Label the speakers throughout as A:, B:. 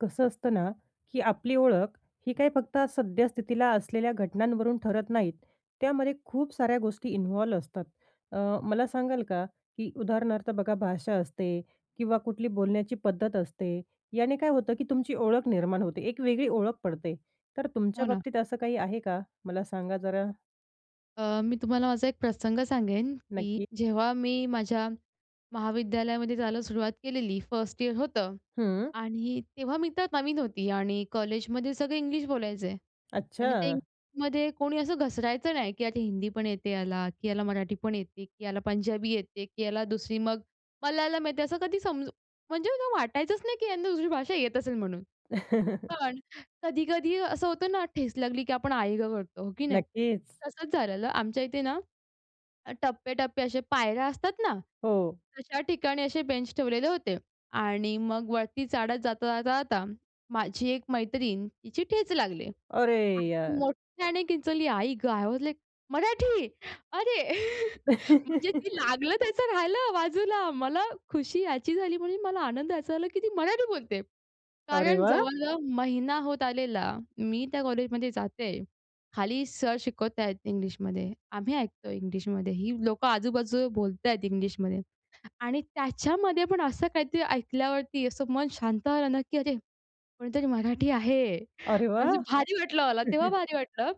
A: कसं असतं ना, की आपली ओळख ही काही फक्त सद्यस्थितीला असलेल्या घटनांवरून ठरत नाहीत. त्यामध्ये खूप साऱ्या गोष्टी इन्व्हॉल्व असतात. अ, मला सांगाल का, की उदाहरणार्थ बघा भाषा असते किंवा कुठली बोलण्याची पद्धत असते, याने काय होतं, की तुमची ओळख निर्माण होते, एक वेगळी ओळख पडते तर
B: हो
A: तुमच्या
B: ना.
A: बाबतीत असं काही आहे का? मला सांगा जरा.
B: अ, मी तुम्हाला माझा एक प्रसंग सांगेन. की
A: नक्की.
B: जेव्हा मी माझ्या महाविद्यालयामध्ये जायला सुरुवात केलेली फर्स्ट इयर होतं
A: हं.
B: आणि तेव्हा मी तर नवीन होती. आणि कॉलेजमध्ये सगळं इंग्लिश बोलायचे. आणि ते
A: अच्छा.
B: इंग्लिशमध्ये कोणी असं घसरायचं नाही, की आता हिंदी पण येते याला की याला मराठी पण येते की याला पंजाबी येते की याला दुसरी मग मलयालम येते, असं कधी समजू म्हणजे मला वाटायचंच नाही, की यांना दुसरी भाषा येत असेल म्हणून. पण कधी-कधी असं होतं ना ठेस लागली, की आपण आई गं करतो. हो की नाही?
A: नक्कीच.
B: तसंच झालेलं आमच्या इथे ना, टप्पे-टप्पे असे, पायऱ्या असतात ना.
A: हो.
B: तशा ठिकाणी असे बेंच ठेवलेले होते. आणि मग वरती चढत जाता-जाता, जाता माझी एक मैत्रीण, तिची ठेच लागली.
A: अरे
B: आणि ती
A: यार!
B: मोट्ठ्याने किंचाळली. आई गं! आय वास लाइक, मराठी! अरे! म्हणजे ते लागलं त्याचं राहिलं बाजूला. मला खुशी याची झाली म्हणून मला आनंद याचा झाला, की ती मराठी बोलते.
A: अरे
B: कारण
A: वाह!
B: जवळ-जवळ महिना होत आलेला मी त्या कॉलेजमध्ये जाते. खाली सर शिकवतायेत इंग्लिशमध्ये. आम्ही ऐकतो इंग्लिशमध्ये. ही लोकं आजू-बाजू बोलतायेत इंग्लिशमध्ये. आणि त्याच्यामध्ये पण असं काहीतरी ऐकल्यावरती असं मन शांत झालं ना, की अरे कोणीतरी मराठी आहे!
A: अरे
B: म्हणजे
A: वाह!
B: भारी वाटलं मला, तेव्हा भारी वाटलं.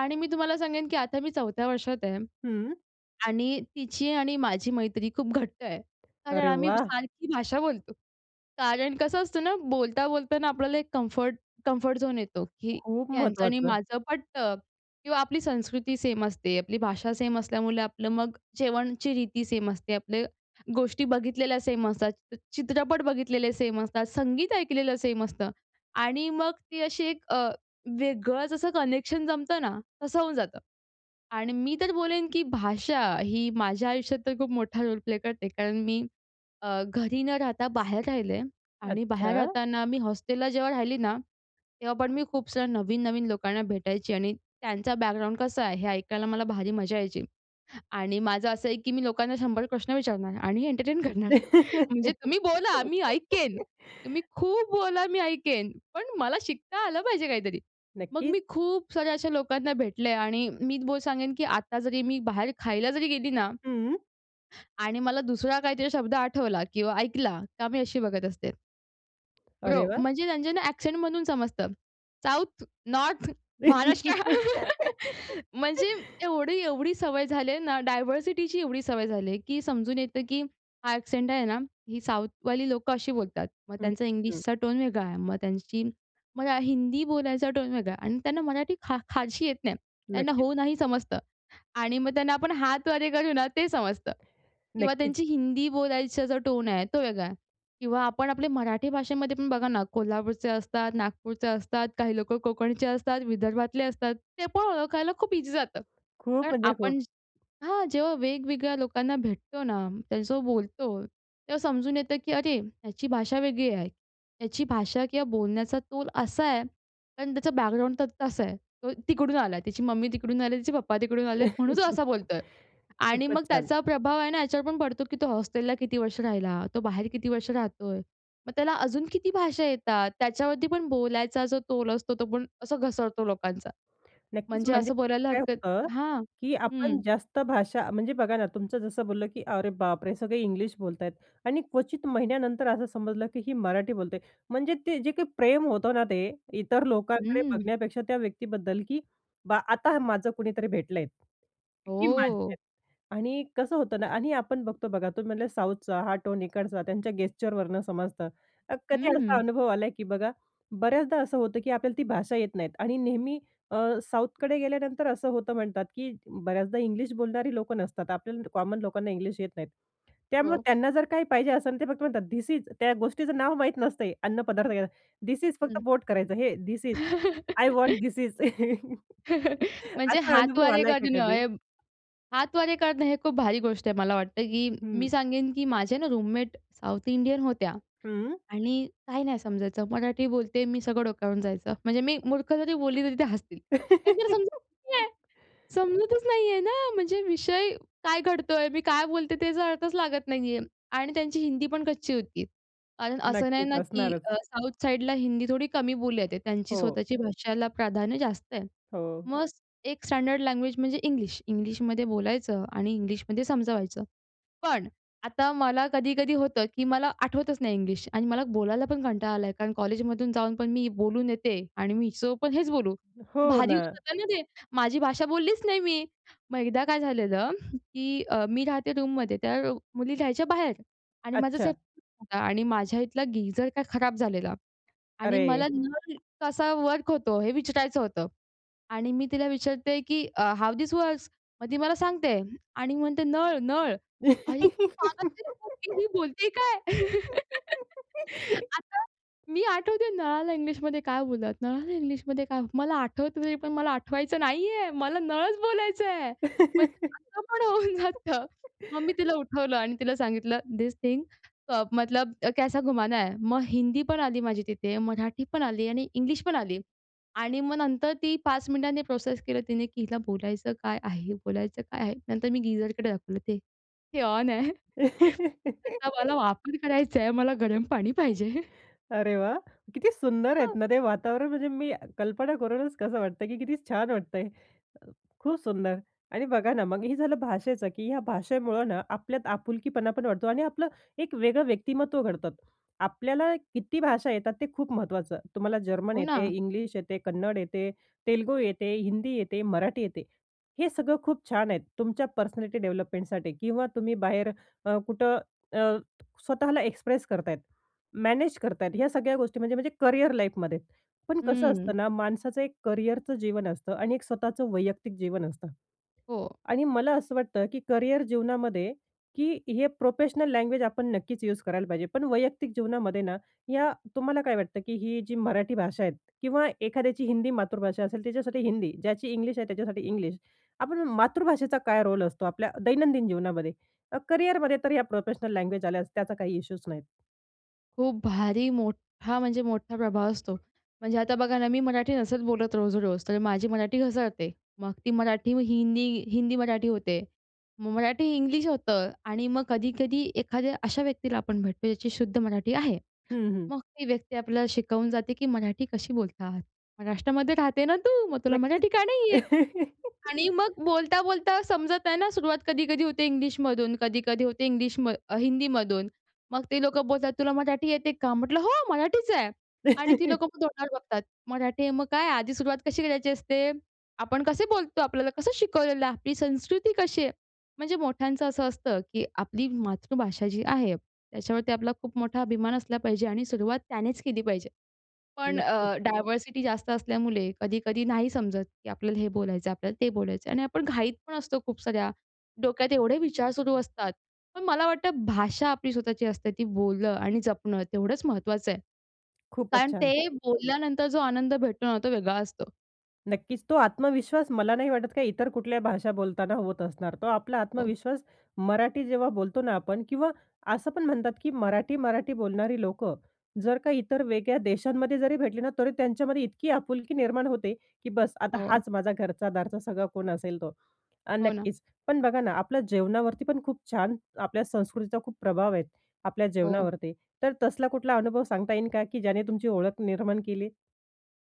B: आणि मी तुम्हाला सांगेन, की आता मी चौथ्या वर्षात आहे.
A: हं.
B: आणि तिची आणि माझी मैत्री खूप घट्ट आहे कारण
A: अरे
B: आम्ही
A: वाह!
B: सारखी भाषा बोलतो. कारण कसं असतं ना, बोलता-बोलताना आपल्याला एक कम्फर्ट, कम्फर्ट झोन येतो, की
A: खूप
B: यांचं आणि
A: महत्वाचं.
B: माझं पटतं. किंवा आपली संस्कृती सेम असते. आपली भाषा सेम असल्यामुळे आपलं मग जेवणाची रीती सेम असते. आपले गोष्टी बघितलेल्या सेम असतात. चित्रपट बघितलेले सेम असतात. संगीत ऐकलेलं सेम असतं. आणि मग ती अशी एक अ, वेगळंच असं कनेक्शन जमतं ना, तसं होऊन जातं. आणि मी तर बोलेन, की भाषा ही माझ्या आयुष्यात तर खूप मोठा रोल प्ले करते कारण मी अ, घरी न राहता बाहेर राहिले आहे. आणि बाहेर
A: अच्छा.
B: राहताना मी हॉस्टेलला जेव्हा राहिली ना तेव्हा पण मी खूप साऱ्या नवीन-नवीन लोकांना भेटायची आणि त्यांचा बॅकग्राऊंड कसा आहे, हे ऐकायला मला भारी मजा यायची. आणि माझं असं आहे, की मी लोकांना 100 प्रश्न विचारणार आणि एंटरटेन करणार. म्हणजे तुम्ही बोला मी ऐकेन. तुम्ही खूप बोला मी ऐकेन. पण मला शिकता आलं पाहिजे काहीतरी. मग
A: नक्कीच.
B: मी खूप साऱ्या अशा लोकांना भेटलंय. आणि मी बोल-सांगेन, की आता जरी मी बाहेर खायला जरी गेली ना,
A: हम्म.
B: आणि मला दुसरा काहीतरी शब्द आठवला किंवा ऐकला का मी अशी बघत असते.
A: अरे
B: ब्रो,
A: वाह!
B: म्हणजे त्यांच्या ना एक्सेंटमधून समजतं. साउथ, नॉर्थ, महाराष्ट्र म्हणजे एवढी, एवढी सवय झालीये ना डायव्हर्सिटीची एवढी सवय झालीये, की समजून येतं, की हा एक्सेंट आहे ना, ही साउथवाली लोकं अशी बोलतात. मग
A: हं,
B: त्यांचा
A: हं.
B: इंग्लिशचा टोन वेगळा आहे, मग त्यांची मरा हिंदी बोलायचा टोन वेगळा आहे. आणि त्यांना मराठी फा फारशी येत नाही. त्यांना
A: नक्कीच.
B: हो नाही समजतं. आणि मग त्यांना आपण हातवारे करू ना ते समजतं. किंवा
A: नक्कीच.
B: त्यांची हिंदी बोलायचा जो टोन आहे तो वेगळा आहे. किंवा आपण आपले मराठी भाषेमध्ये पण बघा ना. कोल्हापूरचे असतात, नागपूरचे असतात, काही लोकं कोकणचे असतात, विदर्भातले असतात, ते पण ओळखायला खूप ईझी जातं.
A: खूप
B: कारण
A: म्हणजे खूप.
B: आपण हां. जेव्हा वेगवेगळ्या लोकांना भेटतो ना त्यांचं बोलतो तेव्हा समजून येतं, की अरे ह्याची भाषा वेगळी आहे. त्याची भाषा किंवा बोलण्याचा तोल असा आहे, पण त्याचा बॅकग्राऊंड तर तसा आहे. तो तिकडून आला, त्याची मम्मी तिकडून आली, तिचे पप्पा तिकडून आलेत म्हणून तो असा बोलतोय. आणि
A: खूपच
B: मग
A: छान!
B: त्याचा प्रभाव आहे ना याच्यावर पण पडतो, की तो हॉस्टेलला किती वर्ष राहिला? तो बाहेर किती वर्ष राहतोय? मग त्याला अजून किती भाषा येतात? त्याच्यावरती पण बोलायचा जो तोल असतो तो पण असा घसरतो लोकांचा.
A: नक्कीच
B: म्हणजे
A: म्हणजे
B: असं बोलायला
A: काय
B: हरकत
A: होतं,
B: हां.
A: की आपण
B: हं.
A: जास्त भाषा म्हणजे बघा ना तुमचं जसं बोललं, की अरे बापरे! सगळे इंग्लिश बोलतायेत. आणि क्वचित महिन्यानंतर असं समजलं, की ही मराठी बोलते. म्हणजे ते जे काही प्रेम होतं ना ते इतर लोकांकडे
B: हम्म.
A: बघण्यापेक्षा त्या व्यक्तीबद्दल, की बा आता माझं कुणीतरी भेटलं आहे. ही माझी आहे.
B: हो.
A: आणि कसं होतं ना आणि आपण बघतो बघा तुम्ही म्हटले साऊथचा हा टोन इकडचा त्यांच्या गेस्चरवरनं समजतं. कधी असा
B: हम्म.
A: अनुभव आला की बघा बऱ्याचदा असं होतं, की आपल्याला ती भाषा येत नाहीत आणि नेहमी अ, साऊथकडे गेल्यानंतर असं होतं म्हणतात, की बऱ्याचदा इंग्लिश बोलणारी लोकं नसतात. आपल्याला कॉमन लोकांना इंग्लिश येत नाहीत. त्यामुळं
B: हो.
A: त्यांना जर काही पाहिजे असेल ते फक्त म्हणतात धिस इज. त्या गोष्टीचं नाव माहीत नसते. अन्नपदार्थ धिस इज फक्त
B: हं.
A: बोट करायचं. हे this is I want this is
B: म्हणजे
A: असा अनुभव
B: हातवारे
A: आलाय का
B: करणं
A: कधी?
B: हे हातवारे करणं हे खूप भारी गोष्ट आहे. मला वाटतं, की मी
A: हं.
B: सांगेन, की माझ्या ना रूममेट साऊथ इंडियन होत्या.
A: हं.
B: आणि काही नाही समजायचं मराठी बोलते मी सगळं डोक्यावरून जायचं. म्हणजे मी मूर्ख जरी बोलली तरी ते हसतील. कारण त्यांना समजतचं नाही. समजतच नाही आहे ना. म्हणजे विषय काय घडतोय मी काय बोलते त्याचा अर्थच लागत नाही आहे. आणि त्यांची हिंदी पण कच्ची होती कारण असं नाही
A: नक्कीच,
B: ना, की
A: असणारच.
B: अ, साऊथ साईडला हिंदी थोडी कमी बोलली जाते. त्यांची
A: हो.
B: स्वतःची भाषाला प्राधान्य जास्त आहे.
A: हो.
B: मग एक स्टँडर्ड लँग्वेज म्हणजे इंग्लिश. इंग्लिशमध्ये बोलायचं आणि इंग्लिशमध्ये समजवायचं. पण आता मला कधी-कधी होतं, की मला आठवतच नाही इंग्लिश. आणि मला बोलायला पण कंटाळा आलाय. कारण कॉलेजमधून जाऊन पण मी बोलून येते. आणि मी हिच्यासोबत पण हेच बोलू.
A: हो
B: भारी होऊन
A: ना.
B: जातं ना ते. माझी भाषा बोललीच नाही मी. मग एकदा काय झालेलं, की अ, मी राहते रूममध्ये त्या मुली राहायच्या बाहेर. आणि माझाच हे
A: अच्छा.
B: होता आणि माझ्या इथला गीझर काय खराब झालेला. आणि मला
A: अरे.
B: नळ कसा वर्क होतो हे विचारायचं होतं. आणि मी तिला विचारते, की अ, हाऊ धिस वर्क्स? मग ती मला सांगते आणि मी म्हणते नळ, नळ आणि [unintelligible] ही बोलतेय काय आता मी आठवते नळाला इंग्लिशमध्ये काय बोलतात? नळाला इंग्लिशमध्ये काय? मला आठवत नाही पण मला आठवायचं नाहीये. मला नळच बोलायचंय. म्हणजे असं पण होऊन जातं. मग मी तिला उठवलं आणि तिला सांगितलं थिस थिंग अ, मतलब कैसा घुमाना है? मग हिंदी पण आली माझी तिथे, मराठी पण आली आणि इंग्लिश पण आली. आणि मग नंतर ती 5 मिनिटांनी प्रोसेस केलं तिने, की हिला बोलायचं काय आहे? बोलायचं काय आहे? नंतर मी गीझरकडे दाखवलं ते हे ऑन आहे. त्याचा मला वापर करायचा आहे, मला गरम पाणी पाहिजे.
A: अरे वाह! किती सुंदर आहेत
B: हो.
A: ना ते वातावरण. म्हणजे मी कल्पना करूनच कसं वाटतं की, किती छान वाटतंय. खूप सुंदर. आणि बघा ना मग हे झालं भाषेचं की ह्या भाषेमुळं ना आपल्यात आपुलकीपणा पण वाढतो. आणि आपलं एक वेगळं व्यक्तिमत्त्व घडतं. आपल्याला किती भाषा येतात ते खूप महत्त्वाचं. तुम्हाला जर्मन
B: हो,
A: येते,
B: ना.
A: इंग्लिश येते, कन्नड येते, तेलुगू येते, हिंदी येते, मराठी येते. हे सगळं खूप छान आहेत तुमच्या पर्सनॅलिटी डेव्हलपमेंटसाठी. किंवा तुम्ही बाहेर अ, कुठं अ, स्वतःला एक्सप्रेस करतायेत मॅनेज करतायेत. ह्या सगळ्या गोष्टी म्हणजे म्हणजे करिअर लाईफमध्ये. पण कसं
B: हम्म.
A: असतं ना माणसाचं एक करिअरचं जीवन असतं आणि एक स्वतःचं वैयक्तिक जीवन असतं.
B: हो.
A: आणि मला असं वाटतं की करिअर जीवनामध्ये की हे प्रोफेशनल लँग्वेज आपण नक्कीच यूज करायला पाहिजे. पण वैयक्तिक जीवनामध्ये ना या तुम्हाला काय वाटतं की ही जी मराठी भाषा आहे. किंवा एखाद्याची हिंदी मातृभाषा असेल त्याच्यासाठी हिंदी. ज्याची इंग्लिश आहे त्याच्यासाठी इंग्लिश. आपण मातृभाषेचा काय रोल असतो आपल्या दैनंदिन जीवनामध्ये? अ, करिअरमध्ये तर या प्रोफेशनल लँग्वेज आल्यास त्याचा काही इश्यूच नाहीत.
B: खूप भारी मोठा म्हणजे मोठा प्रभाव असतो. म्हणजे आता बघा ना, मी मराठी नसच बोलत रोज-रोज तर माझी मराठी घसरते. मग ती मराठी हिंदी हिंदी मराठी होते. मग मराठी इंग्लिश होतं आणि मग कधी-कधी एखाद्या अशा व्यक्तीला आपण भेटतो ज्याची शुद्ध मराठी आहे.
A: हं, हं.
B: मग ती व्यक्ती आपल्याला शिकवून जाते की, "मराठी कशी बोलत आहात. महाराष्ट्रामध्ये राहते ना तू? मग तुला
A: नक्कीच.
B: मराठी का नाही येत?" आणि मग बोलता-बोलता समजत आहे ना, सुरवात कधी-कधी होते इंग्लिशमधून कधी-कधी होते इंग्लिश म हिंदीमधून. मग ते लोकं बोलतात, "तुला मराठी येते का?" म्हटलं, "हो, मराठीच आहे" आणि ती लोकं मग तोंडावर बघतात. "मराठी आहे, मग काय आधी सुरुवात कशी करायची असते? आपण कसे बोलतो? आपल्याला कसं शिकवलेलं आहे? आपली संस्कृती कशी आहे?" म्हणजे मोठ्यांचं असं असतं, की आपली मातृभाषा जी आहे त्याच्यावरती आपला खूप मोठा अभिमान असला पाहिजे आणि सुरुवात त्यानेच केली पाहिजे. पण
A: नक्कीच.
B: अ, डायव्हर्सिटी जास्त असल्यामुळे कधी-कधी नाही समजत, की आपल्याला हे बोलायचं आहे, आपल्याला ते बोलायचं आहे आणि आपण घाईत पण असतो खूप साऱ्या डोक्यात एवढे विचार सुरू असतात. पण मला वाटतं भाषा आपली स्वतःची असते ती बोलणं आणि जपणं तेवढंच महत्वाचं आहे.
A: खूपच
B: कारण
A: छान.
B: ते बोलल्यानंतर जो आनंद भेटतो ना, तो वेगळा असतो.
A: नक्कीच, तो आत्मविश्वास मला नाही वाटत काही इतर कुठल्याही भाषा बोलताना होत असणार. तो आपला
B: हो.
A: आत्मविश्वास मराठी जेव्हा बोलतो ना आपण किंवा असं पण म्हणतात, की मराठी, मराठी बोलणारी लोकं जर काही इतर वेगळ्या देशांमध्ये जरी भेटली ना, तरी त्यांच्यामध्ये इतकी आपुलकी निर्माण होते, की बस, आता
B: हो.
A: हाच माझा घरचा-दारचा सगळा कोण असेल तो. आणि
B: हो ना.
A: नक्कीच पण बघा ना, आपल्या जेवणावरती पण खूप छान आपल्या संस्कृतीचा खूप प्रभाव आहे. आपल्या
B: हो.
A: जेवणावरती, तर तसला कुठला अनुभव सांगता येईल का, की ज्याने तुमची ओळख निर्माण केली?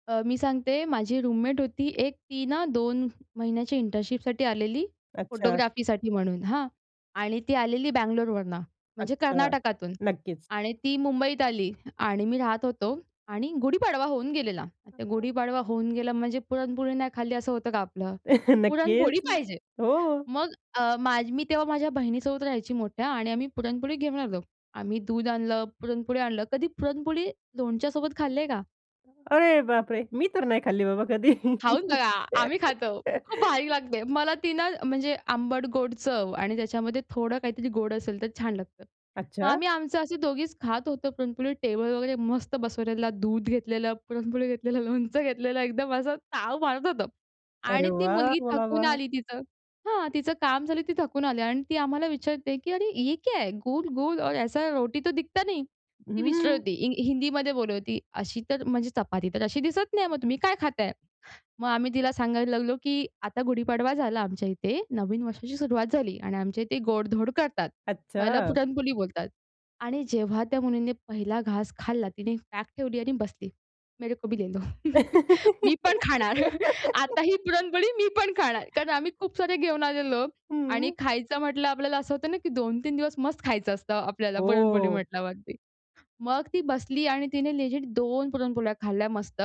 B: अ, मी सांगते माझी रूममेट होती एक. ती ना, 2 महिन्याची इंटर्नशिपसाठी आलेली
A: अच्छा!
B: फोटोग्राफीसाठी म्हणून हां. आणि ती आलेली बंगलोरवरुन म्हणजे
A: अच्छा!
B: कर्नाटकातून
A: नक्कीच.
B: आणि ती मुंबईत आली आणि आम्ही राहत होतो. आणि गुढीपाडवा होऊन गेलेला, त्या
A: [unintelligible]
B: गुढीपाडवा होऊन गेला म्हणजे पुरणपोळी नाही खाल्ली, असं होतं का आपलं? पुरणपोळी
A: नक्कीच.
B: पाहिजे.
A: हो.
B: मग अ, माझी मी तेव्हा माझ्या बहिणीसोबत राहायची मोठ्या आणि आम्ही पुरणपोळी घेऊन आलो. आम्ही दूध आणलं पुरणपोळी आणलं कधी पुरणपोळी लोणच्यासोबत खाल्ली आहे का?
A: अरे बापरे! मी तर नाही खाल्ली बाबा कधी.
B: खाऊन बघा, आम्ही खातो. खूप भारीक लागते. मला ती ना, म्हणजे आंबट-गोड चव आणि त्याच्यामध्ये थोडं काहीतरी गोड असेल, तर छान लागतं. मग
A: अच्छा!
B: आम्ही आमचं असे दोघीचं खात होतो पुरणपोळी टेबल वगैरे मस्त बसवलेला दूध घेतलेलं, पुरणपोळी घेतलेलं, लोणचं घेतलेलं एकदम असं ताव मारत होतो.
A: अरे
B: आणि ती
A: वाह!
B: मुलगी
A: वाह!
B: थकून
A: वाह!
B: आली तिथं. हां, तिचं काम झालं, ती थकून आली अन ती आम्हाला विचारते, की "अरे ये क्या गुल, गुल और ऐसी रोटी तो दिखता नहीं!" ती विचारत
A: हं.
B: होती. हि हिंदीमध्ये बोलत होती. अशी तर म्हणजे चपाती तर अशी दिसत नाही, मग तुम्ही काय खाताय? मग आम्ही तिला सांगायला लागलो, की आता गुढीपाडवा झाला आमच्या इथे, नवीन वर्षाची सुरुवात झाली. आणि आमच्या इथे गोड-धोड करतात. ह्याला
A: अच्छा!
B: पुरणपोळी बोलतात आणि जेव्हा त्या मुलीने पहिला घास खाल्ला. तिने बॅग ठेवली आणि बसली, "मेरे को भी ले लो." मी पण खाणार. आता ही पुरणपोळी मी पण खाणार. कारण आम्ही खूप सारे घेऊन आलेलो आणि
A: हं.
B: खायचं म्हटलं आपल्याला असं होतं ना, की 2-3 दिवस मस्त खायचं असतं, आपल्याला पुरणपोळी
A: हो.
B: म्हटल्यावरती. मग ती बसली आणि तिने लेजिट 2 पुरणपोळ्या खाल्ल्या मस्त.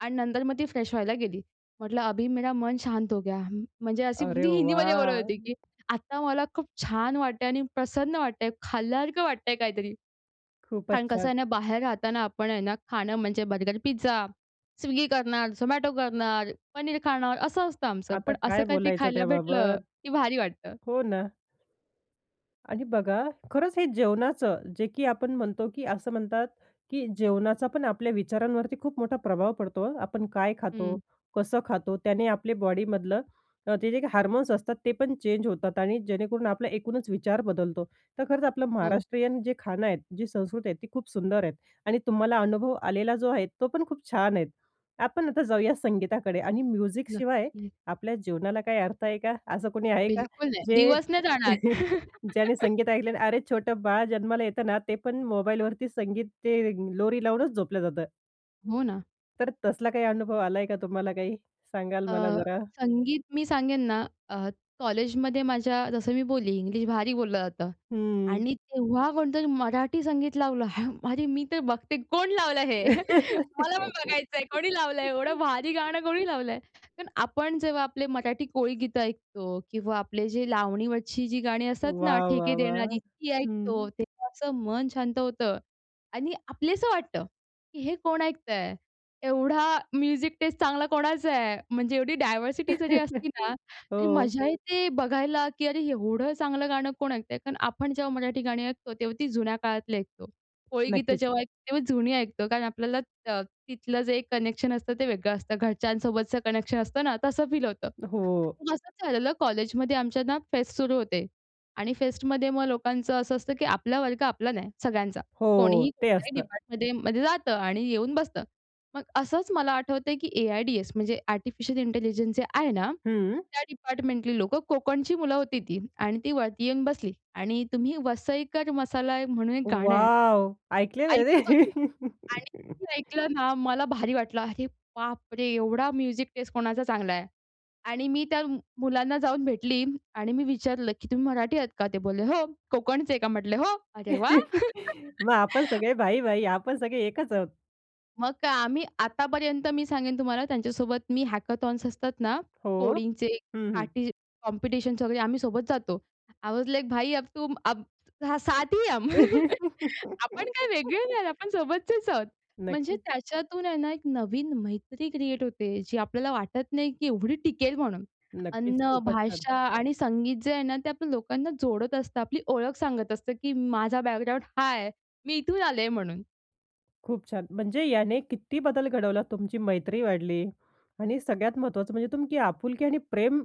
B: आणि नंतर मग ती फ्रेश व्हायला गेली. म्हटलं, "अभी मेरा मन शांत हो गया." म्हणजे अशी
A: अरे
B: ती
A: वा!
B: हिंदीमध्ये बोलत होती, की आता मला खूप छान वाटतंय आणि प्रसन्न वाटतंय खाल्ल्यासारखं वाटतंय काहीतरी.
A: खूपचं
B: कारण कसं
A: छान.
B: आहे ना, बाहेर राहताना आपण आहे ना, खाणं म्हणजे बर्गर, पिझ्झा, Swiggy करणार, Zomato करणार, पनीर खाणार असं असतं आमचं.
A: आता
B: पण असं
A: काय
B: काहीतरी
A: बोलायचं
B: खायला भेटलं,
A: त्याबाबत?
B: की भारी वाटतं.
A: हो ना. आणि बघा, खरंच हे जेवणाचं, जे की आपण म्हणतो, की असं म्हणतात, की जेवणाचा पण आपल्या विचारांवरती खूप मोठा प्रभाव पडतो. आपण काय खातो?
B: हं.
A: कसं खातो? त्याने आपले बॉडीमधलं अ, ते जे काही हार्मोन्स असतात, ते पण चेंज होतात आणि जेणेकरून आपला एकूणच विचार बदलतो. तर खरंच आपलं
B: हो.
A: महाराष्ट्रीयन जे खाणं आहेत, जी संस्कृती आहे ती खूप सुंदर आहेत. आणि तुम्हाला अनुभव आलेला जो आहे, तो पण खूप छान आहेत. आपण आता जाऊया संगीताकडे आणि म्युझिक शिवाय
B: नक्की.
A: आपल्या जीवनाला काही अर्थ आहे का? असं कोणी आहे का?
B: बिलकुल नाही,
A: जे
B: दिवस नाही जाणार.
A: ज्याने संगीत ऐकलं आणि अरे छोटं बाळ जन्माला येतं ना, ते पण मोबाईलवरती संगीत ते लोरी लावूनच झोपलं जातं.
B: हो ना.
A: तर तसला काही अनुभव आलाय का तुम्हाला काही सांगाल मला
B: अ,
A: जरा?
B: संगीत मी सांगेन ना अ, कॉलेजमध्ये माझ्या जसं मी बोलली इंग्लिश भारी बोललं जातं
A: हं.
B: आणि तेव्हा कोणतरी मराठी संगीत लावलं. हं. अरे, मी तर बघते कोण लावलं हे. मला पण बघायचं आहे कोणी लावलं आहे एवढं भारी गाणं कोणी लावलं आहे. कारण आपण जेव्हा आपले मराठी कोळीगीतं ऐकतो किंवा आपले जे लावणीवरची जी गाणी असतात ना
A: वाह! वाह!
B: ठेके देणारी
A: वाह!
B: ती ऐकतो.
A: हं.
B: तेव्हा असं मन शांत होतं आणि आपलंसं वाटतं, की हे कोण ऐकतं आहे एवढा म्युझिक टेस्ट चांगला कोणाचा आहे. म्हणजे एवढी डायव्हर्सिटी जरी असती ना तरी
A: हो.
B: मजा येते बघायला, की अरे, एवढं चांगलं गाणं कोण ऐकतं आहे कारण आपण जेव्हा मराठी गाणी ऐकतो तेव्हा ती जुन्या काळातली ऐकतो. कोळीगीतं
A: नक्कीच.
B: जेव्हा ऐकतो तेव्हाच जुनी ऐकतो कारण आपल्याला अ, तिथलं जे कनेक्शन असतं ते वेगळं असतं घरच्यांसोबतचं कनेक्शन असतं ना तसं फील होतं.
A: हो.
B: पण असंच झालेलं कॉलेजमध्ये आमच्यांना फेस्ट सुरू होते आणि फेस्टमध्ये मग लोकांचं असं असतं, की आपला वर्ग आपला नाही सगळ्यांचा.
A: हो.
B: कोणीही
A: ते
B: कोणत्याही
A: असतं.
B: डिपार्टमेंटमध्ये मध्ये जातं आणि येऊन बसतं. मग असंच मला आठवतं आहे, की ए-आय-डी-एस म्हणजे आर्टिफिशियल इंटेलिजन्स जे आहे ना,
A: हं.
B: त्या डिपार्टमेंटली लोकं कोकणची मुलं होती ती आणि ती वरती येऊन बसली आणि तुम्ही वसईकर मसाला म्हणून एक गाणं आहे.
A: वॉव! ऐकलेलं
B: ऐकत
A: आहे
B: होती
A: रे!
B: आणि मी ऐकलं ना मला भारी वाटलं, अरे बापरे! एवढा म्युझिक टेस्ट कोणाचा चांगला आहे आणि मी त्या मुलांना जाऊन भेटली आणि मी विचारलं, "की तुम्ही मराठी आहात का?" ते बोलले, "हो." कोकणचे का म्हटले हो? अरे वाह!
A: मग आपण सगळे भाई-भाई आपण सगळे एकच आहोत.
B: मगं काय, आम्ही आतापर्यंत मी सांगेन तुम्हाला त्यांच्यासोबत मी हॅकेथॉन्स असतात ना,
A: हो.
B: कोडिंगचे
A: हं, हं.
B: काही कॉम्पिटिशन्स वगैरे आम्ही सोबत जातो. आय वॉज लाइक भाई अब तुम, साथ ही है हम. आपण काय वेगळे नाही आहोत, आपण सोबतचेच आहोत. म्हणजे
A: नक्कीच.
B: त्याच्यातून आहे ना, एक नवीन मैत्री क्रिएट होते जी आपल्याला वाटत नाही की एवढी टिकेल म्हणून.
A: नक्कीच,
B: अन्न,
A: खूपच छान.
B: भाषा आणि संगीत जे आहे ना, ते आपण लोकांना जोडत असतं. आपली ओळख सांगत असतं की माझा बॅकग्राऊंड हा आहे. मी इथून आले म्हणून.
A: खूप छान. म्हणजे याने किती बदल घडवला, तुमची मैत्री वाढली आणि सगळ्यात महत्वाचं म्हणजे तुमकी आपुलकी आणि प्रेम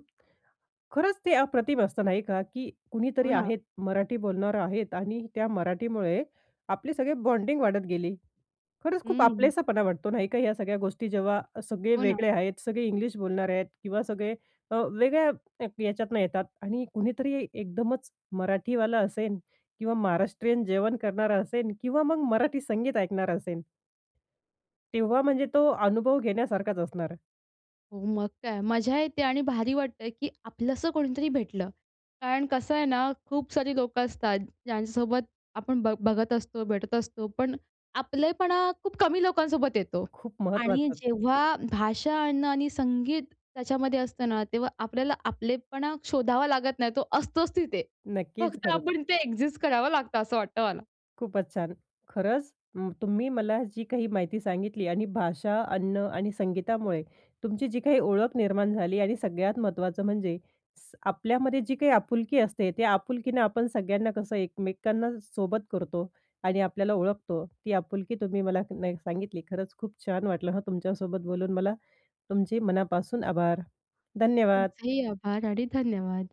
A: खरंच ते अप्रतिम असतं नाही का, की
B: हो,
A: कुणीतरी
B: ना.
A: आहेत, मराठी बोलणार आहेत आणि त्या मराठीमुळे आपली सगळी बॉन्डिंग वाढत गेली. खरंच खूप
B: हं.
A: आपलेसापणा वाटतो नाही का, ह्या सगळ्या गोष्टी जेव्हा सगळे
B: हो, ना.
A: वेगळे आहेत, सगळे इंग्लिश बोलणारे आहेत किंवा सगळे अ, वेगळ्या याच्यातनं येतात आणि कुणीतरी एकदमच मराठीवालं असेन किंवा महाराष्ट्रीयन जेवण करणारा असेन किंवा मग मराठी संगीत ऐकणारा असेन. तेव्हा म्हणजे तो अनुभव घेण्यासारखाच असणार आहे.
B: हो मग काय मजा येते आणि भारी वाटतं आहे की आपलंस कोणीतरी भेटलं. कारण कसं आहे ना, खूप सारी लोकं असतात ज्यांच्यासोबत आपण बघ बघत असतो भेटत असतो, पण आपलेपणा खूप कमी लोकांसोबत येतो.
A: खूप
B: आणि
A: महत्वाचं.
B: जेव्हा भाषा अन्न आणि संगीत त्याच्यामध्ये असतं ना, तेव्हा आपल्याला आपलेपणा शोधावा लागत नाही, तो असतोच तिथे.
A: नक्कीच,
B: फक्त
A: खरंच.
B: आपण इथे एक्झिस्ट करावं लागतं असं वाटतं मला.
A: खूपच छान! खरंच म तुम्ही मला जी काही माहिती सांगितली आणि भाषा, अन्न, आणि संगीतामुळे तुमची जी काही ओळख निर्माण झाली आणि सगळ्यात महत्त्वाचं म्हणजे स आपल्यामध्ये जी काही आपुलकी असते, ते आपुलकीनं आपण सगळ्यांना कसं एकमेकांना सोबत करतो आणि आपल्याला ओळखतो, ती आपुलकी तुम्ही मला ना ही सांगितली खरंच खूप छान वाटलं हां, तुमच्यासोबत बोलून मला. तुमचे मनापासून आभार. धन्यवाद.
B: तुमचेही आभार आणि धन्यवाद.